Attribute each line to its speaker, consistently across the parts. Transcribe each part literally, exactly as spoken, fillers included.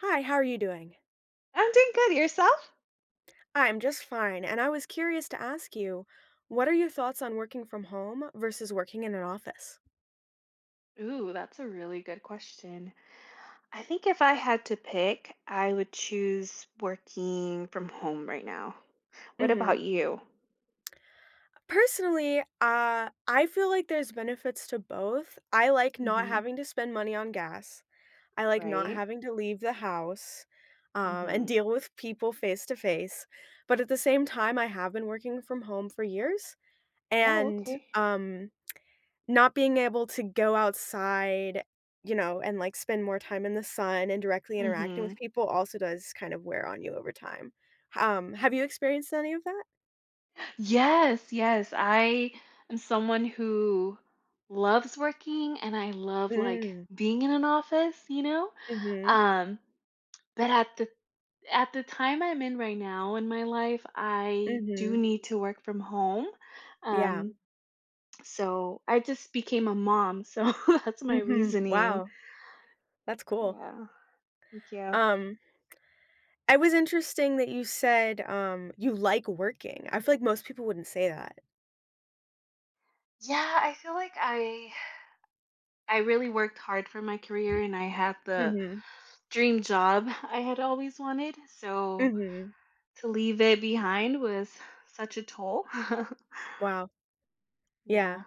Speaker 1: Hi. How are you doing?
Speaker 2: I'm doing good, and yourself?
Speaker 1: I'm just fine, and I was curious to ask you, what are your thoughts on working from home vs. working in an office?
Speaker 2: Ooh, that's a really good question. I think if I had to pick, I would choose working from home right now. What about
Speaker 1: Mhm.
Speaker 2: you?
Speaker 1: Personally, uh, I feel like there's benefits to both. I like not
Speaker 2: Mhm.
Speaker 1: having to spend money on gas, I like not
Speaker 2: Right.
Speaker 1: having to leave the house, um, and
Speaker 2: Mhm.
Speaker 1: deal with people face to face. But at the same time, I have been working from home for years
Speaker 2: Oh,
Speaker 1: and,
Speaker 2: okay.
Speaker 1: um, not being able to go outside, you know, and, like, spend more time in the sun and directly interacting with
Speaker 2: Mhm.
Speaker 1: people also does kinda wear on you over time. H um, have you experienced any of that?
Speaker 2: Yes, yes, I am someone who loves working, and I love, like,
Speaker 1: Mm.
Speaker 2: being in an office, you know?
Speaker 1: Mhm.
Speaker 2: Um, but at the at the time I'm in right now in my life, I do
Speaker 1: Mhm.
Speaker 2: need to work from home,
Speaker 1: Yeah.
Speaker 2: um so I just became a mom, so that's my
Speaker 1: Mhm.
Speaker 2: reasoning.
Speaker 1: Wow. That's cool.
Speaker 2: Yeah. Thank you.
Speaker 1: Um I was interesting that you said, um, you like working. I feel like most people wouldn't say that.
Speaker 2: Yeah. I feel like I I really worked hard for my career, and I had the
Speaker 1: Mhm.
Speaker 2: dream job I had always wanted. So,
Speaker 1: Mhm.
Speaker 2: to leave it behind was such a toll.
Speaker 1: Wow. Yeah.
Speaker 2: Yeah.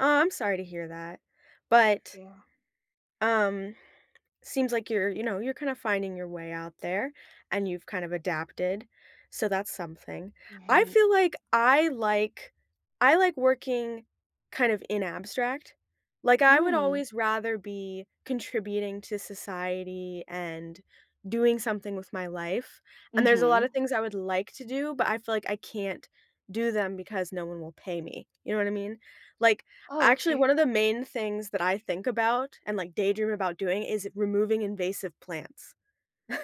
Speaker 1: Oh, I'm sorry to hear that. But
Speaker 2: Yeah.
Speaker 1: Um, seems like you're, you know, you're kinda finding your way out there, and you've kinda adapted. So that's something. I
Speaker 2: Right.
Speaker 1: feel like I like I like working kind of in abstract. Like, I would
Speaker 2: Mm.
Speaker 1: always rather be contributing to society and doing something with my life. And there's a lot
Speaker 2: Mhm.
Speaker 1: of things I would like to do, but I feel like I can't do them because no one will pay me. You know what I mean? Like,
Speaker 2: Oh,
Speaker 1: actually, one
Speaker 2: okay.
Speaker 1: of the main things that I think about and, like, daydream about doing is removing invasive plants.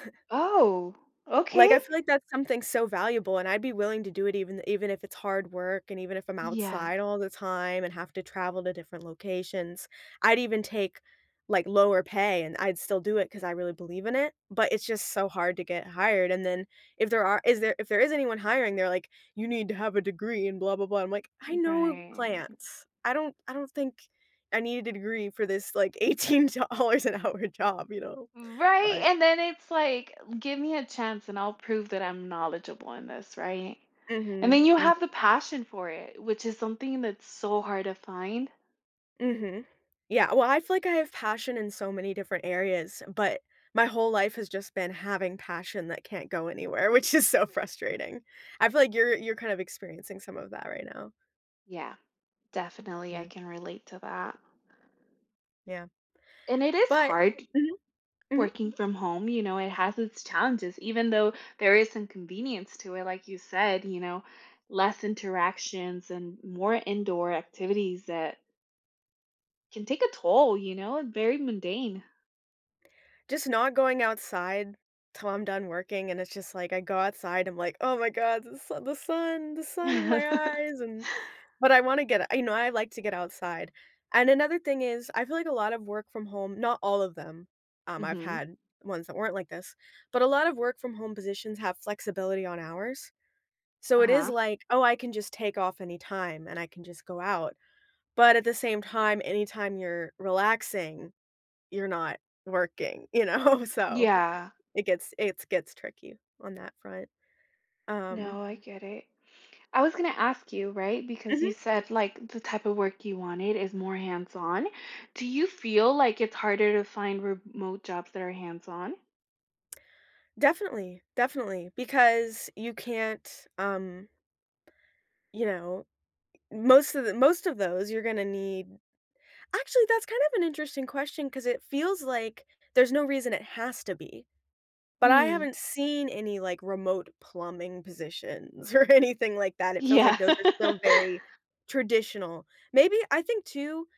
Speaker 2: Oh. Okay!
Speaker 1: Like, I feel like that's something so valuable, and I'd be willing to do it even even if it's hard work and even if I'm
Speaker 2: Yeah.
Speaker 1: outside all the time and have to travel to different locations. I'd even take, like, lower pay, and I'd still do it 'cause I really believe in it. But it's just so hard to get hired. And then if there are is there if there is anyone hiring, they're like, "You need to have a degree," and blah blah blah. I'm like, "I
Speaker 2: Mm
Speaker 1: know
Speaker 2: right.
Speaker 1: plants." I don't I don't think I need a degree for this, like, eighteen dollars an hour job, you know?
Speaker 2: Mm Right?
Speaker 1: But
Speaker 2: And then it's like, "Give me a chance, and I'll prove that I'm knowledgeable in this," right? And
Speaker 1: Mhm.
Speaker 2: then you have the
Speaker 1: Mhm.
Speaker 2: passion for it, which is something that's so hard to find.
Speaker 1: Mhm. Yeah. Well, I feel like I have passion in so many different areas, but, my whole life has just been having passion that can't go anywhere, which is so frustrating. I feel like you're you're kind of experiencing some of that right now.
Speaker 2: Yeah. Definitely I
Speaker 1: Yeah.
Speaker 2: can relate to that.
Speaker 1: Yeah.
Speaker 2: And it is
Speaker 1: But
Speaker 2: hard
Speaker 1: Mhm. Mhm.
Speaker 2: working from home, you know? It has its challenges even though there is some convenience to it, like you said, you know, less interactions and more indoor activities that can take a toll, you know? Very mundane.
Speaker 1: Just not going outside till I'm done working, and it's just, like, I go outside. I'm like, "Oh my god, the su the sun the sun in my eyes, and" but I wanna get you know, I like to get outside, and another thing is I feel like a lot of work from home not all of them, um, I've
Speaker 2: Mhm.
Speaker 1: had ones that weren't like this, but a lot of work from home positions have flexibility on hours. So it is
Speaker 2: Uh-huh.
Speaker 1: like, "Oh, I can just take off anytime, and I can just go out," but at the same time, anytime you're relaxing, you're not working. You know? So,
Speaker 2: Yeah.
Speaker 1: it gets it's gets tricky on that front, um
Speaker 2: No, I get it. I was gonna ask you, right? Because you
Speaker 1: Mhm.
Speaker 2: said, like, the type of work you wanted is more hands on. Do you feel like it's harder to find remote jobs that are hands on?
Speaker 1: Definitely. Definitely. Because you can't, um... you know, most of the most of those, you're gonna need actually, that's kind of an interesting question 'cause it feels like there's no reason it has to be. But I
Speaker 2: Hmm.
Speaker 1: haven't seen any, like, remote plumbing positions or anything like that, it feels
Speaker 2: Yeah.
Speaker 1: like those are still very traditional. Maybe I think too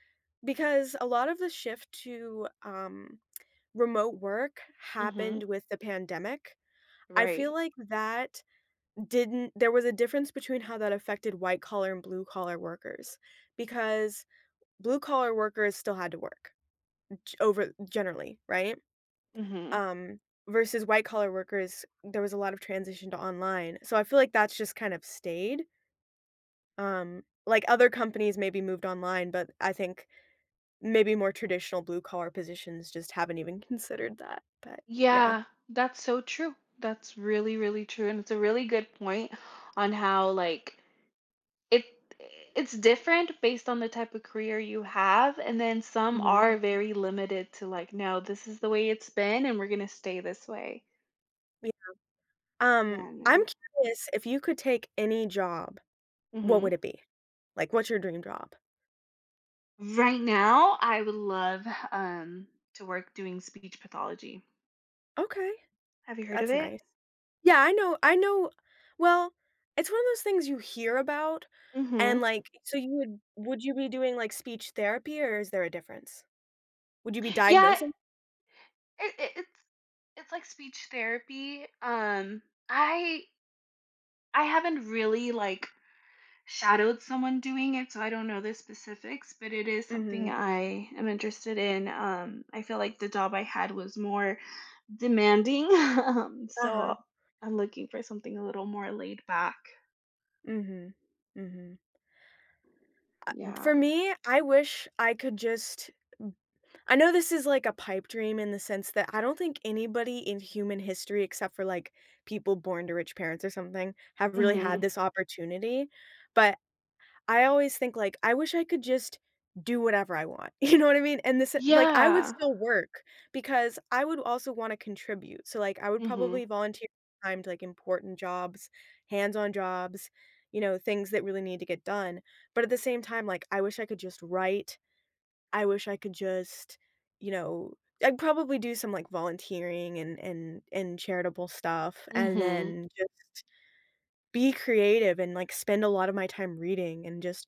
Speaker 1: because a lot of the shift to, um, remote work
Speaker 2: Mhm.
Speaker 1: happened with the pandemic. I
Speaker 2: Right.
Speaker 1: feel like that didn't there was a difference between how that affected white collar and blue collar workers because blue collar workers still had to work g over generally right?
Speaker 2: Mhm.
Speaker 1: Um, versus white collar workers, there was a lot of transition to online. So, I feel like that's just kind of stayed. Um, like, other companies maybe moved online, but I think maybe more traditional blue collar positions just haven't even considered that. But, yeah.
Speaker 2: Yeah. That's so true. That's really, really true, and it's a really good point on how like, it it's different based on the type of career you have, and then some
Speaker 1: Mhm.
Speaker 2: are very limited to, like, "No, this is the way it's been, and we're gonna stay this way."
Speaker 1: Yeah.
Speaker 2: Yeah,
Speaker 1: Um,
Speaker 2: I
Speaker 1: I'm
Speaker 2: know.
Speaker 1: curious if you could take any job, what
Speaker 2: Mhm.
Speaker 1: would it be? Like, what's your dream job?
Speaker 2: Right now, I would love, um, to work doing speech pathology.
Speaker 1: Okay.
Speaker 2: Have you heard of
Speaker 1: That's
Speaker 2: it?
Speaker 1: nice Yeah, I know I know Well, it's one of those things you hear about, and,
Speaker 2: Mhm.
Speaker 1: like, so you would would you be doing, like, speech therapy, or is there a difference? Would you be
Speaker 2: Yeah
Speaker 1: diagnosing?
Speaker 2: I it it's it's like speech therapy, um, I I haven't really, like, shadowed someone doing it, so I don't know the specifics, but it is something
Speaker 1: Mhm.
Speaker 2: I am interested in. Um, I feel like the job I had was more demanding, um,
Speaker 1: Uh-huh.
Speaker 2: so I'm looking for something a little more laid back.
Speaker 1: Mhm, mhm. I
Speaker 2: Yeah.
Speaker 1: for me, I wish I could just n I know this is like a pipe dream in the sense that I don't think anybody in human history except for, like, people born to rich parents or something have really had
Speaker 2: Mhm.
Speaker 1: this opportunity, but I always think, like, I wish I could just do whatever I want. You know what I mean, and this, eh, like I would
Speaker 2: Yeah.
Speaker 1: still work because I would also wanna contribute, so, like, I would probably
Speaker 2: Mhm.
Speaker 1: volunteer time to, like, important jobs, hands-on jobs, you know, things that really need to get done, but at the same time, like, I wish I could just write. I wish I could just, you know I'd probably do some, like, volunteering and and and charitable stuff and
Speaker 2: Mhm.
Speaker 1: then just be creative and, like, spend a lotta my time reading and just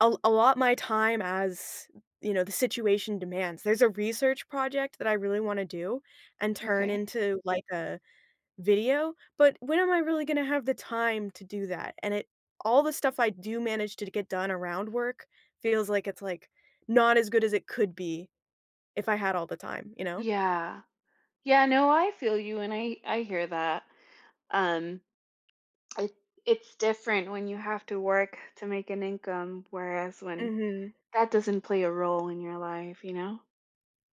Speaker 1: al allot my time as, you know, the situation demands. There's a research project that I really wanna do and turn
Speaker 2: Okay.
Speaker 1: into, like, a video, but when am I really gonna have the time to do that? And it all the stuff I do manage to d get done around work feels like it's, like, not as good as it could be if I had all the time, you know?
Speaker 2: Yeah. Yeah, no I feel you, and I I hear that. Um, it's different when you have to work to make an income, whereas when
Speaker 1: Mhm.
Speaker 2: that doesn't play a role in your life, you know?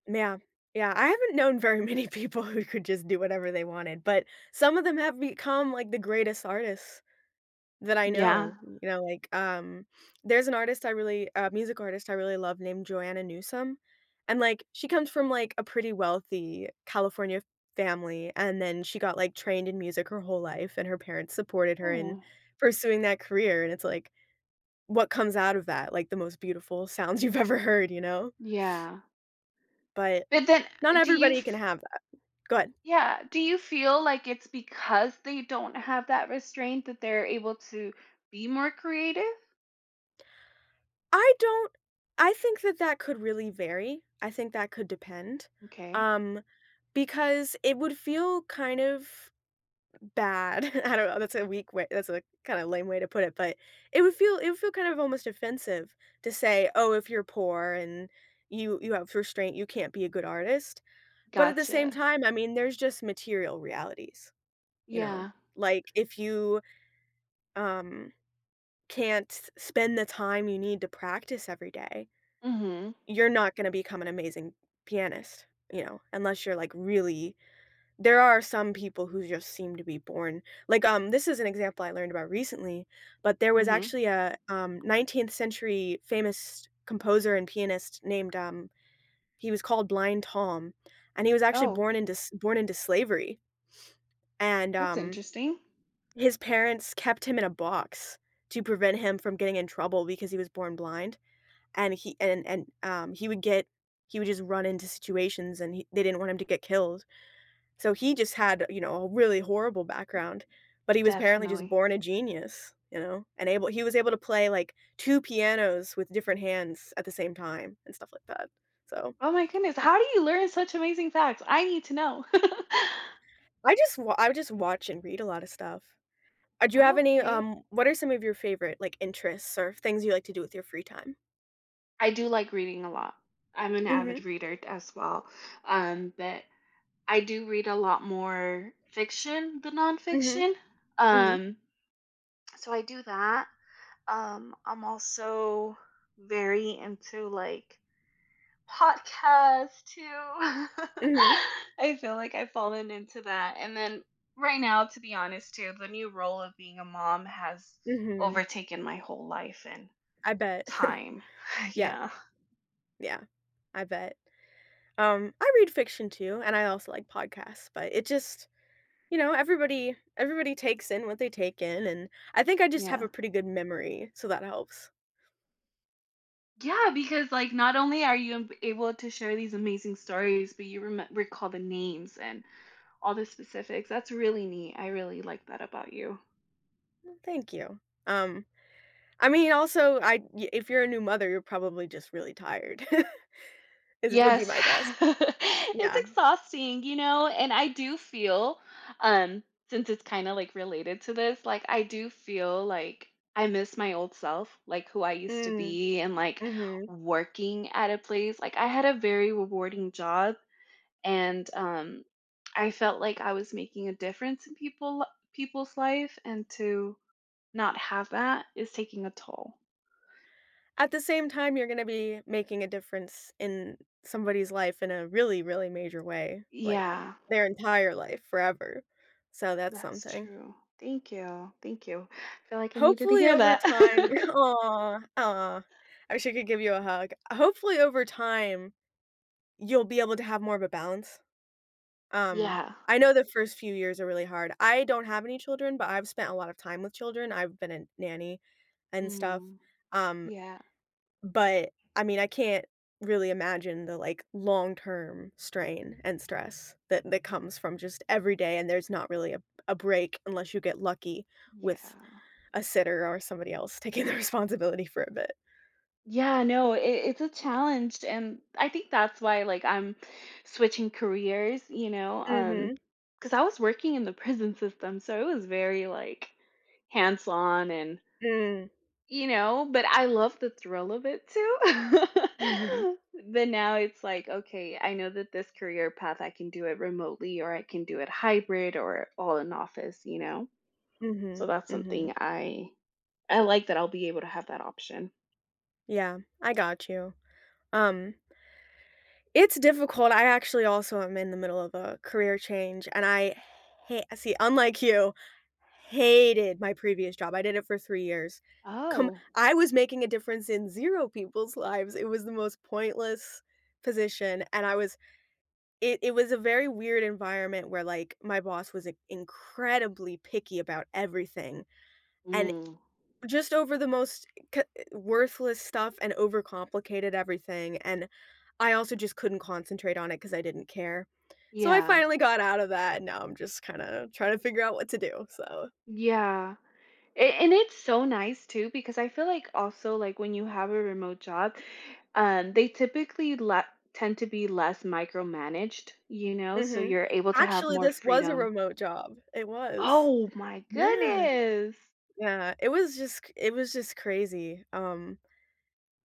Speaker 1: Yeah. Yeah, I haven't known very many people who could just do whatever they wanted, but some of them have become, like, the greatest artists that I
Speaker 2: Yeah.
Speaker 1: know, you know, like, um, there's an artist I really a music artist I really love named Joanna Newsom, and, like, she comes from, like, a pretty wealthy California family, and then she got, like, trained in music her whole life, and her parents supported her in
Speaker 2: Oh.
Speaker 1: pursuing that career, and it's like, what comes out of that, like, the most beautiful sounds you've ever heard, you know?
Speaker 2: Yeah.
Speaker 1: But,
Speaker 2: But then
Speaker 1: not
Speaker 2: do you
Speaker 1: everybody can
Speaker 2: f f
Speaker 1: have that. Go ahead.
Speaker 2: Yeah, do you feel like it's because they don't have that restraint that they're able to be more creative?
Speaker 1: I don't I think that that could really vary. I think that could depend,
Speaker 2: Okay.
Speaker 1: um, because it would feel kind of bad, I don't know, that's a weak way that's a kinda lame way to put it, but it would feel it would feel kind of almost offensive to say, "Oh, if you're poor and you you have restraint, you can't be a good artist," but at the same
Speaker 2: Gotcha.
Speaker 1: time, I mean, there's just material realities, you know?
Speaker 2: Yeah.
Speaker 1: Like, if you, um, can't spend the time you need to practice every day
Speaker 2: Mhm.
Speaker 1: you're not gonna become an amazing pianist, you know, unless you're, like, really there are some people who just seem to be born like, um, this is an example I learned about recently, but there was
Speaker 2: Mhm.
Speaker 1: actually a, um, nineteenth century famous composer and pianist named, um he was called Blind Tom. And he was actually
Speaker 2: Oh.
Speaker 1: born into s born into slavery, and,
Speaker 2: That's
Speaker 1: um,
Speaker 2: interesting.
Speaker 1: his parents kept him in a box to prevent him from getting in trouble because he was born blind, and he and and, um, he would get he would just run into situations and he they didn't want him to get killed. So, he just had, you know, a really horrible background, but he was apparently just
Speaker 2: Definitely.
Speaker 1: born a genius, you know, and able he was able to play, like, two pianos with different hands at the same time and stuff like that, so.
Speaker 2: Oh my goodness, how do you learn such amazing facts, I need to know.
Speaker 1: I just wa I just watch and read a lot of stuff. Uh, do you have any,
Speaker 2: Okay.
Speaker 1: um, what are some of your favorite, like, interests or things you like to do with your free time?
Speaker 2: I do like reading a lot. I'm an
Speaker 1: Mhm.
Speaker 2: avid reader d as well, um, but I do read a lot more fiction than
Speaker 1: Mhm.
Speaker 2: nonfiction,
Speaker 1: Mhm.
Speaker 2: um, so I do that. Um, I'm also very into, like, podcasts too.
Speaker 1: Mhm.
Speaker 2: I feel like I've fallen into that, and then, right now, to be honest too, the new role of being a mom has
Speaker 1: Mhm.
Speaker 2: overtaken my whole life and
Speaker 1: I bet.
Speaker 2: time.
Speaker 1: Yeah.
Speaker 2: Yeah.
Speaker 1: Yeah. I bet. Um, I read fiction too, and I also like podcasts, but it just you know, everybody everybody takes in what they take in, and I think I just have
Speaker 2: Yeah.
Speaker 1: a pretty good memory, so that helps.
Speaker 2: Yeah, because, like, not only are you ab able to share these amazing stories, but you reme recall the names and all the specifics. That's really neat. I really like that about you.
Speaker 1: Mm, thank you. Um, I mean, also, I y if you're a new mother, you're probably just really tired. Is would be
Speaker 2: Yes.
Speaker 1: my guess.
Speaker 2: It's
Speaker 1: Yeah.
Speaker 2: exhausting, you know? And I do feel, um, since it's kinda, like, related to this, like, I do feel, like, I miss my old self, like, who I used to
Speaker 1: Mm.
Speaker 2: be and, like,
Speaker 1: Mhm.
Speaker 2: working at a place. Like, I had a very rewarding job, and, um, I felt like I was making a difference in people people's life, and to not have that is taking a toll.
Speaker 1: At the same time, you're gonna be making a difference in somebody's life in a really, really major way, like,
Speaker 2: Yeah.
Speaker 1: their entire life, forever. So, that's
Speaker 2: That's
Speaker 1: something.
Speaker 2: true. Thank you, thank you. I feel like I needed to
Speaker 1: Hopefully,
Speaker 2: hear
Speaker 1: over
Speaker 2: that.
Speaker 1: time aw, aw, I wish I could give you a hug. Hopefully, over time, you'll be able to have more of a balance. Um,
Speaker 2: Yeah.
Speaker 1: I know the first few years are really hard. I don't have any children, but I've spent a lot of time with children, I've been a nanny and stuff,
Speaker 2: Mm.
Speaker 1: um,
Speaker 2: Yeah.
Speaker 1: but, I mean, I can't really imagine the, like, long-term strain and stress that that comes from just every day and there's not really a b a break unless you get lucky with
Speaker 2: Yeah.
Speaker 1: a sitter or somebody else taking the responsibility for a bit.
Speaker 2: Yeah, no, i i it's a challenged, and I think that's why, like, I'm switching careers, you know, um,
Speaker 1: Mhm.
Speaker 2: 'cause I was working in the prison system, so it was very, like, hands-on and
Speaker 1: Mm.
Speaker 2: you know, but I love the thrill of it, too.
Speaker 1: Mhm.
Speaker 2: But now it's like, okay. I know that this career path, I can do it remotely, or I can do it hybrid or all in the office, you know?
Speaker 1: Mhm,
Speaker 2: So that's something
Speaker 1: mhm.
Speaker 2: I I like that I'll be able to have that option.
Speaker 1: Yeah. I got you. Um It's difficult, I actually also am in the middle of a career change, and I ha see, unlike you, hated my previous job. I did it for three years. Come
Speaker 2: Oh.
Speaker 1: I was making a difference in zero people's lives. It was the most pointless position, and I was it it was a very weird environment where, like, my boss was in incredibly picky about everything. And
Speaker 2: Mm.
Speaker 1: just over the most co worthless stuff and overcomplicated everything and I also just couldn't concentrate on it 'cause I didn't care. So I
Speaker 2: Yeah.
Speaker 1: finally got out of that, and now I'm just kinda trying to figure out what to do. So
Speaker 2: Yeah. A and it's so nice, too, because I feel like also, like, when you have a remote job, um, they typically le tend to be less micromanaged, you know, so
Speaker 1: Mhm.
Speaker 2: you're able to have
Speaker 1: Actually,
Speaker 2: more
Speaker 1: this was a
Speaker 2: freedom.
Speaker 1: remote job. It was.
Speaker 2: Oh my
Speaker 1: Yeah.
Speaker 2: goodness!
Speaker 1: Yeah. It was just cr it was just crazy. Um,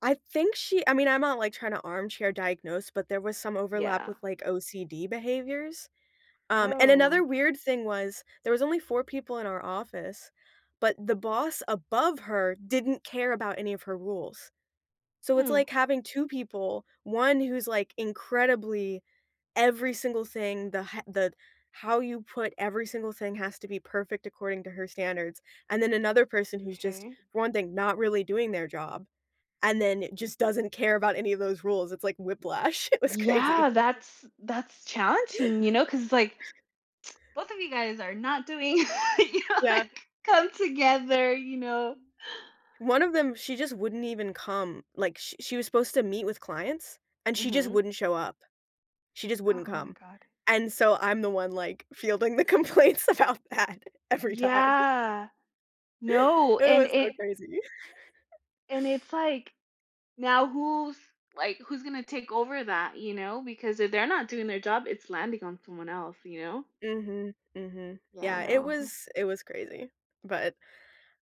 Speaker 1: I think she I mean, I'm not, like, trying to armchair diagnose, but there was some overlap
Speaker 2: Yeah.
Speaker 1: with, like, OCD behaviors. Um, and another
Speaker 2: Oh.
Speaker 1: weird thing was, there was only four people in our office, but the boss above her didn't care about any of her rules. So it's
Speaker 2: Hmm.
Speaker 1: like having two people, one who's, like, incredibly every single thing, the h the how you put every single thing has to be perfect according to her standards, and then another person who's just,
Speaker 2: 'Kay.
Speaker 1: for one thing, not really doing their job and then just doesn't care about any of those rules. It's like whiplash. It was crazy.
Speaker 2: Yeah! That's that's challenging, you know, 'cause it's like, both of you guys are not doing you know,
Speaker 1: Yeah.
Speaker 2: like, come together, you know?
Speaker 1: One of them, she just wouldn't even come. Like, sh she was supposed to meet with clients, and she just
Speaker 2: Mhm.
Speaker 1: wouldn't show up. She just wouldn't
Speaker 2: Oh my
Speaker 1: come.
Speaker 2: god.
Speaker 1: And so I'm the one, like, fielding the complaints about that every time.
Speaker 2: Yeah. No.
Speaker 1: It
Speaker 2: And
Speaker 1: was so
Speaker 2: it
Speaker 1: crazy.
Speaker 2: and it's like, now who's, like, who's gonna take over that? You know? Because if they're not doing their job, it's landing on someone else, you know?
Speaker 1: Mhm. Mhm.
Speaker 2: Yeah. I
Speaker 1: Yeah. It
Speaker 2: know, huh.
Speaker 1: was it was crazy, but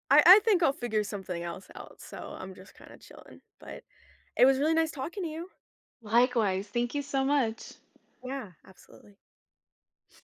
Speaker 1: I I think I'll figure something else out. So I'm just kinda chilling, but it was really nice talking to you.
Speaker 2: Likewise. Thank you so much.
Speaker 1: Yeah. Absolutely.